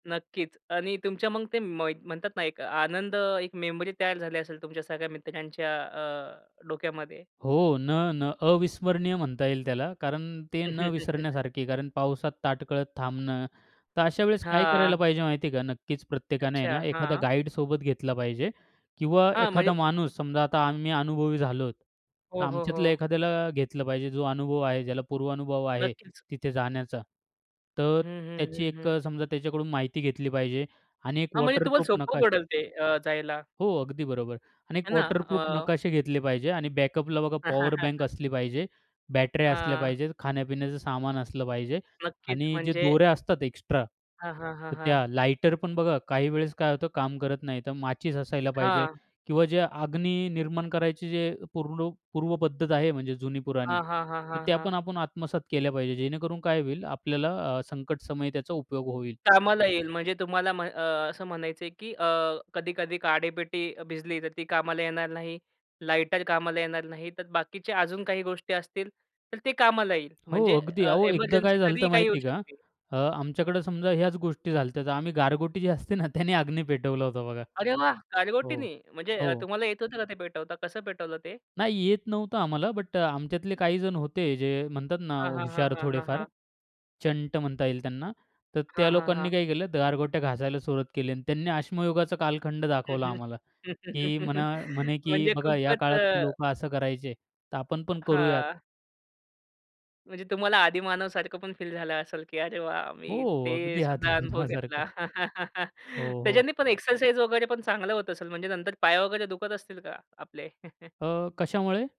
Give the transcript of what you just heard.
नक्कीच. आणि तुमच्या मग ते मई म्हणतात ना एक आनंद एक मेमरी तयार झाली असेल तुमच्या सगळ्या मित्रांच्या अ, डोक्यामध्ये. हो. न न अविस्मरणीय म्हणता येईल त्याला कारण ते न विसरण्यासारखे कारण पावसात ताटकळत थांबणं. तर अशा वेळेस काय करायला हां. पाहिजे माहिती आहे का. नक्कीच प्रत्येकाने आहे अच्छा. ना एखादा हां. गाईड सोबत घेतला पाहिजे. किंवा हां, एखादा म्हणजे माणूस समजा आता आम्ही अनुभवी झालोत, तर हो, हो, आमच्यातलं हो. एखाद्याला घेतलं पाहिजे. जो अनुभव आहे ज्याला पूर्वानुभव आहे नक्कीच. तिथे जाण्याचा. तर हं, हं, त्याची हं, एक हं. अ, समजा त्याच्याकडून माहिती घेतली पाहिजे आणि एक हां. म्हणजे तुम्हाला वॉटरप्रूफ सोपं नकाशा. पडेल ते अ, जायला. हो. अगदी बरोबर आहे. आणि 1 हे ना वॉटरप्रूफ अ नकाशे घेतले पाहिजे आणि बॅकअपला बघा पॉवर बँक असली पाहिजे. बॅटऱ्या असल्या हां. पाहिजेत, खाण्यापिण्याचं सामान असलं पाहिजे नक्कीच आणि जे म्हणजे दोऱ्या असतात एक्स्ट्रा हां, हां, हां, तर त्या हां. लाइटर पण बघा काही वेळेस काय होतं काम करत नाही, तर माचीस असायला पाहिजे हां. किंवा जे अग्नी निर्माण करायची जे पूरलू पूर्व पद्धत आहे म्हणजे जुनी पुराणी, हां, हां, हां, तर हां, त्या हां. पण आपण आत्मसात केल्या पाहिजे. जेणेकरून काय होईल आपल्याला अ, संकटसमयी त्याचा उपयोग होईल. कामाला येईल म्हणजे तुम्हाला अ, असं म्हणायचंय की अ, कधी-कधी काडेपेटी भिजली तर ती कामाला येणार नाही, लाइटर कामाला येणार नाही. तर बाकीचे अजून काही गोष्टी असतील, तर ते कामाला येईल. हो. म्हणजे अगदी, अ, अहो, एकदा काय एमर्जन्सी कधीही झालं काही होऊ माहितीये का. शकते. अ आमच्याकडे समजा ह्याच गोष्टी झाल्या तर आम्ही गारगोटी जी असते ना त्याने अग्नी पेटवला होता बघा. अरे वाह! हो गारगोटीनी. म्हणजे हो. अ, तुम्हाला येत होतं का ते पेटवता? कसं पेटवलं ते? नाही. येत नव्हतं आम्हाला. बट आमच्यातले काही जण होते जे म्हणतात ना हां, हां, हां, हुशार हां, थोडेफार. हां. चंट म्हणता येईल त्यांना, तर त्या हां, हां, लोकांनी हां. काय केलं गारगोट्या घासायला सुरुवात केली आणि त्यांनी अश्मयुगाचा कालखंड हं, दाखवला हं आम्हाला की म्हणा म्हणे की म्हणजे बघा या खुपच काळात अ लोकं असं करायचे, तर आपण पण करूयात. हां. म्हणजे तुम्हाला आदीमानवसारखं पण फील झालं असेल, की अरे वाह! हो. मी ते अगदी सुद्धा अनुभव आदीमानवासारखा घेतला. हो, हो. त्याच्याने पण एक्सरसाइज वगैरे पण चांगलं होत असेल म्हणजे नंतर पाय वगैरे दुखत असतील का आपले? अ, कशामुळे?